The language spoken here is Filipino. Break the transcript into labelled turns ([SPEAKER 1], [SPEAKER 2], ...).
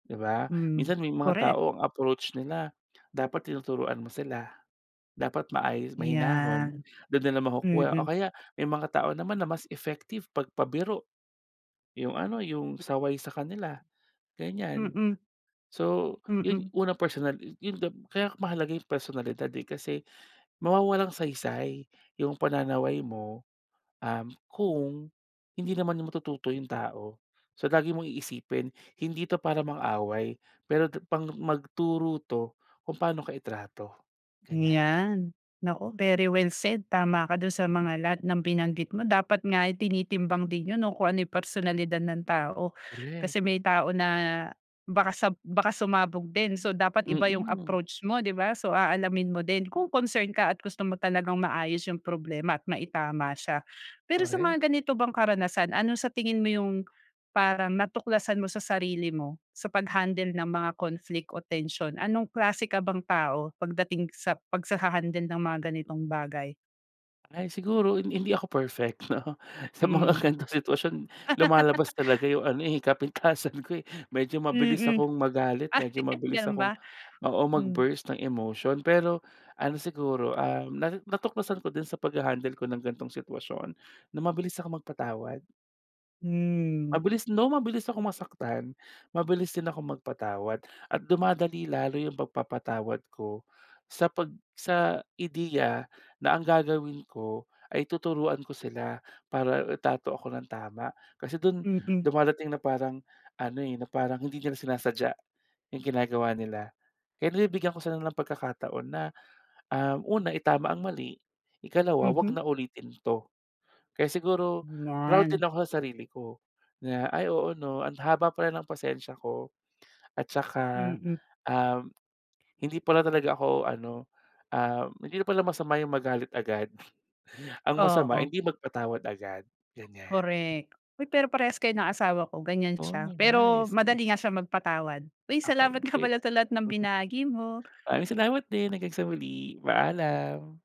[SPEAKER 1] Di ba?
[SPEAKER 2] Hmm,
[SPEAKER 1] Minsan may mga
[SPEAKER 2] korek.
[SPEAKER 1] tao ang approach nila dapat tinuturuan mo sila, dapat maayos, mahinahon.
[SPEAKER 2] Yan.
[SPEAKER 1] Dun nila makukuha o
[SPEAKER 2] Mm.
[SPEAKER 1] kaya may mga tao naman na mas effective pag pabiro yung ano, yung saway sa kanila ganyan.
[SPEAKER 2] Mm.
[SPEAKER 1] So yun
[SPEAKER 2] Mm.
[SPEAKER 1] unang personal yun gab kaya mahalaga yung personalidad, eh, kasi mawawalang saysay yung pananaway mo, um, kung hindi naman matututo yung tao. So lagi mong iisipin, hindi ito para mang-away pero tu pang magturo to kung paano ka itrato ganyan.
[SPEAKER 2] Yan. Naku very well said. Tama ka dun sa mga lahat ng binanggit mo. Dapat nga ay tinitimbang din yun, no, kung ano yung personalidad ng tao
[SPEAKER 1] Korek
[SPEAKER 2] kasi may tao na baka sab baka sumabog din. So dapat iba yung
[SPEAKER 1] Mm.
[SPEAKER 2] approach mo, di ba? So aalamin mo din kung concern ka gusto mo talagang maayos yung problema at maitama siya. Pero sa
[SPEAKER 1] Korek.
[SPEAKER 2] mga ganito bang karanasan, ano sa tingin mo yung parang natuklasan mo sa sarili mo sa pag-handle ng mga conflict o tension? Anong klase ka bang tao pagdating sa pag sa hahandle ng mga ganitong bagay?
[SPEAKER 1] Ay siguro hin hindi ako perfect no. Sa mga
[SPEAKER 2] Hmm.
[SPEAKER 1] ganitong sitwasyon lumalabas talaga yung ano, eh, kapintasan ko, eh, medyo mabilis
[SPEAKER 2] Mm.
[SPEAKER 1] akong magalit,
[SPEAKER 2] Ay,
[SPEAKER 1] medyo mabilis
[SPEAKER 2] ganon
[SPEAKER 1] akong
[SPEAKER 2] ba?
[SPEAKER 1] oo,
[SPEAKER 2] Hmm.
[SPEAKER 1] mag-burst ng emotion. Pero ano siguro, um, nasi natuklasan ko din sa paghahandle ko ng ganitong sitwasyon na mabilis akong magpatawad.
[SPEAKER 2] Hmm.
[SPEAKER 1] Mabilis no, mabilis akong masaktan, mabilis din akong magpatawad. At dumadali lalo yung pagpapatawad ko sa pag sa ideya na ang gagawin ko ay tuturuan ko sila para itrato ako nang tama. Kasi dun
[SPEAKER 2] Mm.
[SPEAKER 1] dumadating na parang ano, eh, na parang hindi nila sinasadya yung ginagawa nila kaya nabibigyan ko sila ng pagkakataon na, um, una itama ang mali, ikalawa, wag
[SPEAKER 2] Mhm.
[SPEAKER 1] na ulitin 'to. Kaya siguro proud din
[SPEAKER 2] Ayan.
[SPEAKER 1] ako sa sarili ko na ay oo no ang haba pala ng pasensya ko. At saka,
[SPEAKER 2] Mm.
[SPEAKER 1] um, hindi pala talaga ako ano, um, hindi na pala masama yung magalit agad ang masama
[SPEAKER 2] Oo.
[SPEAKER 1] hindi magpatawad agad, ganyan.
[SPEAKER 2] Korek. Uy pero parehas kayo ng asawa ko. Ganyan
[SPEAKER 1] Oh
[SPEAKER 2] siya, pero
[SPEAKER 1] nice m
[SPEAKER 2] madali nga siya magpatawad. Uy salamat
[SPEAKER 1] Okey
[SPEAKER 2] nga
[SPEAKER 1] great.
[SPEAKER 2] pala sa lahat ng
[SPEAKER 1] Mhm.
[SPEAKER 2] binahagi mo.
[SPEAKER 1] Maraming salamat din. Hanggang sa huli, paalam.